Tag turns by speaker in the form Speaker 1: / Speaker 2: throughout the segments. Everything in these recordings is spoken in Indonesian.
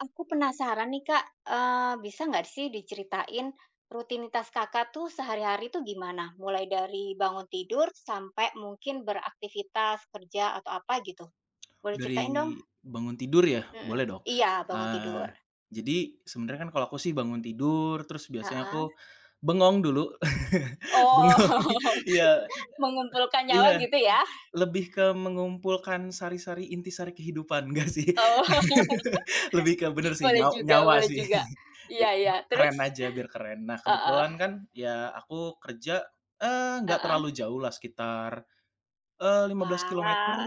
Speaker 1: Aku penasaran nih Kak, eee, bisa nggak sih diceritain rutinitas Kakak tuh sehari-hari tuh gimana? Mulai dari bangun tidur sampai mungkin beraktivitas, kerja atau apa gitu. Boleh ceritain dong?
Speaker 2: Dari bangun tidur ya?
Speaker 1: Mhm
Speaker 2: Boleh dong,
Speaker 1: iya, bangun
Speaker 2: eee,
Speaker 1: tidur.
Speaker 2: jadi sebenarnya kan kalau aku sih bangun tidur, terus biasanya
Speaker 1: Heeh.
Speaker 2: aku bengong dulu.
Speaker 1: Oh.
Speaker 2: Bengong iya,
Speaker 1: mengumpulkan nyawa
Speaker 2: iya.
Speaker 1: gitu ya?
Speaker 2: Lebih ke mengumpulkan sari-sari, intisari kehidupan enggak sih,
Speaker 1: Oh,
Speaker 2: lebih ke benar sih,
Speaker 1: boleh
Speaker 2: nyaw
Speaker 1: juga
Speaker 2: nyawa
Speaker 1: boleh
Speaker 2: sih,
Speaker 1: juga,
Speaker 2: iya
Speaker 1: iya iya,
Speaker 2: be keren
Speaker 1: terus?
Speaker 2: aja, biar keren. Nah
Speaker 1: Heeh.
Speaker 2: kebetulan kan, ya aku kerja, eee, enggak
Speaker 1: Heeh.
Speaker 2: terlalu jauh lah sekitar, eee, lima belas
Speaker 1: Wah,
Speaker 2: kilometer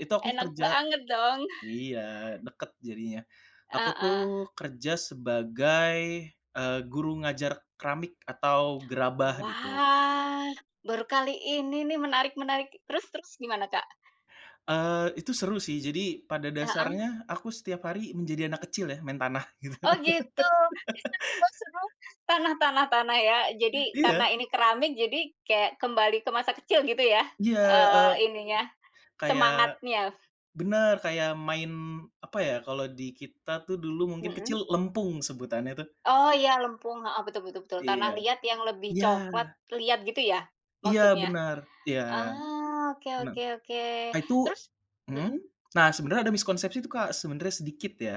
Speaker 2: itu aku
Speaker 1: enak
Speaker 2: kerja
Speaker 1: banget dong?
Speaker 2: iya, dekat jadinya. Aku
Speaker 1: Heeh.
Speaker 2: tuh kerja sebagai, e guru ngajar keramik atau gerabah, gitu.
Speaker 1: Wah, baru kali ini nih, menarik menarik, terus terus gimana Kak?
Speaker 2: Eee, itu seru sih, jadi pada
Speaker 1: Heeh.
Speaker 2: dasarnya aku setiap hari menjadi anak kecil ya, main tanah, gitu.
Speaker 1: Oh, gitu? Ih, seru bang seru, tanah tanah tanah ya. Jadi karena
Speaker 2: Iya.
Speaker 1: ini keramik, jadi kayak kembali ke masa kecil gitu ya,
Speaker 2: Iya, eee,
Speaker 1: eee, ininya,
Speaker 2: kayak
Speaker 1: semangatnya.
Speaker 2: benar, kayak main, apa ya, kalau di kita tuh dulu mungkin kecil
Speaker 1: Mhm.
Speaker 2: lempung, sebutannya tuh.
Speaker 1: Oh, iya lempung, heeh, betul betul betul tanah
Speaker 2: Iya.
Speaker 1: liat yang lebih coklat
Speaker 2: Iya.
Speaker 1: liat gitu ya,
Speaker 2: Iya
Speaker 1: maksudnya?
Speaker 2: benar, iya.
Speaker 1: Ah, oke
Speaker 2: Mhm.
Speaker 1: oke oke,
Speaker 2: Nah itu
Speaker 1: terus?
Speaker 2: mhm?
Speaker 1: Mhm.
Speaker 2: Nah, sebenarnya ada miskonsepsi tuh Kak, sebenarnya sedikit ya,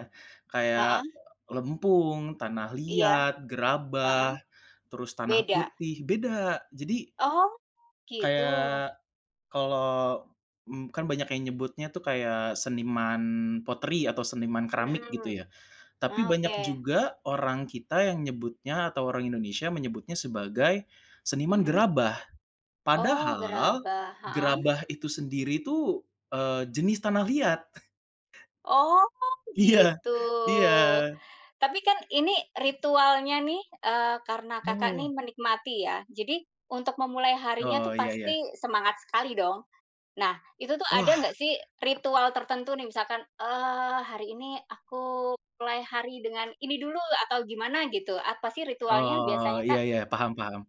Speaker 2: kayak,
Speaker 1: Heeh.
Speaker 2: lempung, tanah
Speaker 1: Iya.
Speaker 2: liat, gerabah,
Speaker 1: Heeh.
Speaker 2: terus tanah
Speaker 1: Beda.
Speaker 2: putih, beda. Jadi
Speaker 1: Oh, gitu?
Speaker 2: kayak, kalau, m kan banyak yang nyebutnya tuh kayak seniman pottery, atau seniman keramik, gitu
Speaker 1: Mhm.
Speaker 2: ya. Tapi
Speaker 1: Ah,
Speaker 2: banyak
Speaker 1: oke.
Speaker 2: juga, orang kita yang nyebutnya atau orang Indonesia menyebutnya sebagai, seniman
Speaker 1: Mhm.
Speaker 2: gerabah.
Speaker 1: Oh,
Speaker 2: Padahal,
Speaker 1: gerabah heeh.
Speaker 2: gerabah itu sendiri tuh, eee, jenis tanah liat.
Speaker 1: Oh,
Speaker 2: Iya,
Speaker 1: gitu?
Speaker 2: iya.
Speaker 1: Tapi kan, ini, ritualnya nih, eee, karena Kakak nih
Speaker 2: Oh.
Speaker 1: menikmati ya. Jadi, untuk memulai harinya
Speaker 2: Oh,
Speaker 1: tuh
Speaker 2: iya iya.
Speaker 1: pasti semangat sekali dong? Nah, itu tuh ada
Speaker 2: Wah.
Speaker 1: nggak sih ritual tertentu nih, misalkan, eee, "Hari ini aku play hari dengan ini dulu," atau gimana gitu, apa sih ritualnya,
Speaker 2: Oh,
Speaker 1: biasanya
Speaker 2: iya
Speaker 1: Kak?
Speaker 2: iya, paham paham.